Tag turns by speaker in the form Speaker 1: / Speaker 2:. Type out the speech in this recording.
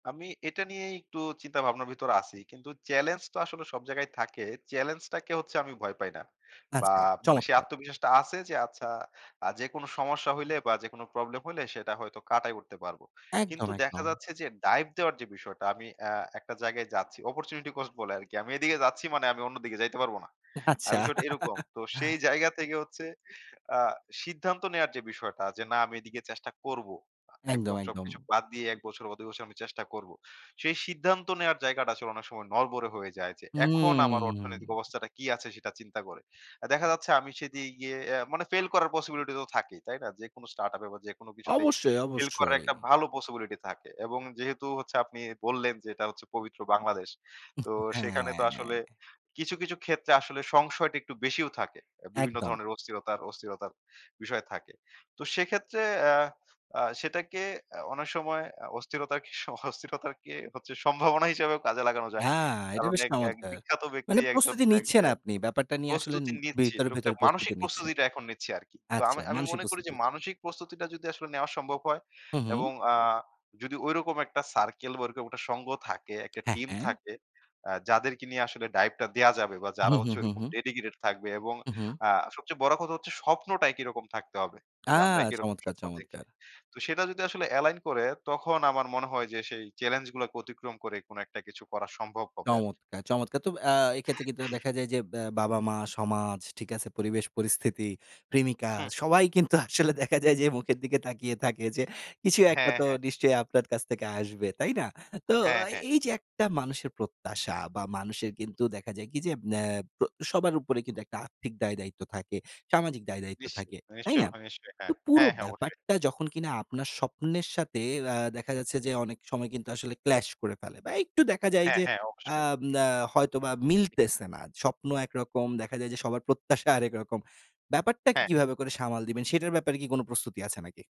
Speaker 1: আমি এটা নিয়েই একটু চিন্তা ভাবনার ভিতরে আছি। কিন্তু চেলেঞ্জ তো আসলে সব জায়গায় থাকে। চ্যালেঞ্জ টাকে হচ্ছে আমি ভয় পাই না। বা
Speaker 2: আচ্ছা,
Speaker 1: মানে সে
Speaker 2: চমৎকার।
Speaker 1: আত্মবিশ্বাসটা আছে যে আচ্ছা আ যেকোনো সমস্যা হইলে বা যেকোনো প্রবলেম হইলে সেটা হয়তো কাটায় উঠতে পারবো। কিন্তু
Speaker 2: একদম,
Speaker 1: দেখা
Speaker 2: একদম।
Speaker 1: যাচ্ছে যে ডাইভ দেওয়ার যে বিষয়টা আমি অ্যা একটা জায়গায় যাচ্ছি। অপরচুনিটি কোস্ট বলে আরকি। আমি এদিকে যাচ্ছি মানে আমি অন্যদিকে যাইতে পারবো না। আ
Speaker 2: আচ্ছা।
Speaker 1: বিষয়টা এরকম। তো সেই জায়গা থেকে হচ্ছে আ সিদ্ধান্ত নেওয়ার যে বিষয়টা যে না আমি এদিকে চেষ্টা করব। আ
Speaker 2: একদম,
Speaker 1: একদম
Speaker 2: একদম।
Speaker 1: সবকিছু বাদ দিয়ে ১ বছর বা ২ বছর আমি চেষ্টা করব। সেই সিদ্ধান্ত নেওয়ার জায়গাটা আসলে অনেক সময় নড়বড়ে হয়ে যায় যে এখন আমার
Speaker 2: হুম।
Speaker 1: অর্থনৈতিক অবস্থাটা কি আছে সেটা চিন্তা করে। দেখা যাচ্ছে আমি সেদি ইয়ে মানে ফেইল করার পসিবিলিটি তো থাকেই। তাই না? যেকোনো স্টার্ট আপ এ বা যেকোনো কিছুতেই
Speaker 2: অবশ্যই,
Speaker 1: ফেইল করার
Speaker 2: অবশ্যই।
Speaker 1: একটা ভালো পসিবিলিটি থাকে, এবং যেহেতু হচ্ছে আপনি বললেন যে এটা হচ্ছে পবিত্র বাংলাদেশ। তো সেখানে তো আসলে
Speaker 2: হ্যাঁ।
Speaker 1: কিছু, কিছু ক্ষেত্রে আসলে সংশয়টা একটু বেশিও থাকে। আ বিভিন্ন
Speaker 2: একদম।
Speaker 1: ধরনের অস্থিরতা অস্থিরতার বিষয় থাকে। তো সেক্ষেত্রে অ্যা আ সেটাকে আ অনেক সময় আ অস্থিরতার স অস্থিরতারকে হচ্ছে সম্ভাবনা হিসাবেও কাজে লাগানো যায়।
Speaker 2: হ্যাঁ, এটা
Speaker 1: কারণ
Speaker 2: বেশ
Speaker 1: এক এক
Speaker 2: চমৎকার।
Speaker 1: বিখ্যাত ব্যক্তি
Speaker 2: মানে
Speaker 1: একজন
Speaker 2: প্রস্তুতি
Speaker 1: এক
Speaker 2: নিচ্ছেন
Speaker 1: অ্যা
Speaker 2: আপনি। ব্যাপারটা নিয়ে আসলে উম
Speaker 1: প্রস্তুতি নিচ্ছি,
Speaker 2: ভিতরে, ভিতরে
Speaker 1: টুকটাক
Speaker 2: প্রস্তুতি
Speaker 1: মানসিক
Speaker 2: নিচ্ছেন।
Speaker 1: প্রস্তুতিটা এখন নিচ্ছি আরকি। তো
Speaker 2: আচ্ছা,
Speaker 1: আমি আমি
Speaker 2: মানসিক
Speaker 1: মনে করি যে
Speaker 2: প্রস্তুতি।
Speaker 1: মানসিক প্রস্তুতিটা যদি আসলে নেওয়া সম্ভব হয়,
Speaker 2: হুম, হুম।
Speaker 1: এবং আ যদি ঐরকম একটা সার্কেল বা ঐরকম একটা সংঘ থাকে একটা
Speaker 2: হ্যাঁ,
Speaker 1: টিম
Speaker 2: হ্যাঁ।
Speaker 1: থাকে আ যাদেরকে নিয়ে আসলে ডাইভ টা দেওয়া যাবে বা যারা
Speaker 2: হুম, হুম,
Speaker 1: হচ্ছে
Speaker 2: হুম,
Speaker 1: ওইরকম
Speaker 2: হুম।
Speaker 1: ডেডিকেটেড থাকবে এবং
Speaker 2: উ হুম।
Speaker 1: আ সবচেয়ে বড় কথা হচ্ছে স্বপ্নটাই একই রকম থাকতে হবে,
Speaker 2: আ
Speaker 1: যে আমরা একই রকম
Speaker 2: চমৎকার,
Speaker 1: স্বপ্ন দেখি।
Speaker 2: চমৎকার।
Speaker 1: তো সেটা যদি আসলে এলাইন করে তখন আমার মনে হয় যে সেই চ্যালেঞ্জ গুলাকে অতিক্রম করে কোন একটা কিছু করা সম্ভব হবে আরকি।
Speaker 2: চমৎকার। চমৎকার তো অ্যা এক্ষেত্রে কিন্তু দেখা যায়, যে ব্য বাবা-মা সমাজ ঠিক আছে পরিবেশ পরিস্থিতি, প্রেমিকা
Speaker 1: হু।
Speaker 2: সবাই কিন্তু আসলে দেখা যায় যে মুখের দিকে তাকিয়ে থাকে, যে কিছু একটা
Speaker 1: হ্যাঁ,
Speaker 2: তো
Speaker 1: হ্যাঁ।
Speaker 2: নিশ্চয়ই আপনার কাছ থেকে আসবে। তাই না? তো
Speaker 1: হ্যাঁ, হ্যাঁ।
Speaker 2: এই যে একটা মানুষের প্রত্যাশা বা মানুষের কিন্তু দেখা যায় কি যে অ্যা ত সবার উপরে কিন্তু একটা আর্থিক দায়-দায়িত্ব থাকে। সামাজিক দায়-দায়িত্ব
Speaker 1: নিশ্চয়ই,
Speaker 2: থাকে। তাই
Speaker 1: নিশ্চয়ই,
Speaker 2: না?
Speaker 1: ভ নিশ্চয়ই হ্যাঁ,
Speaker 2: তো পুরো
Speaker 1: হ্যাঁ, হ্যাঁ অবশ্যই।
Speaker 2: ব্যাপারটা যখন কিনা আপনার স্বপ্নের সাথে অ্যা দেখা যাচ্ছে যে অনেক সময় কিন্তু আসলে ক্লাশ করে ফেলে। বা একটু দেখা যায়
Speaker 1: হ্যাঁ,
Speaker 2: যে
Speaker 1: হ্যাঁ,
Speaker 2: অ্যা
Speaker 1: অবশ্যই।
Speaker 2: ম আ হয়তোবা মিলতেছে না। স্বপ্ন একরকম দেখা যায় যে সবার প্রত্যাশা আরেক রকম। ব্যাপারটাকে
Speaker 1: হ্যাঁ।
Speaker 2: কিভাবে করে সামাল দিবেন সেটার ব্যাপারে কি কোনো প্রস্তুতি আছে নাকি?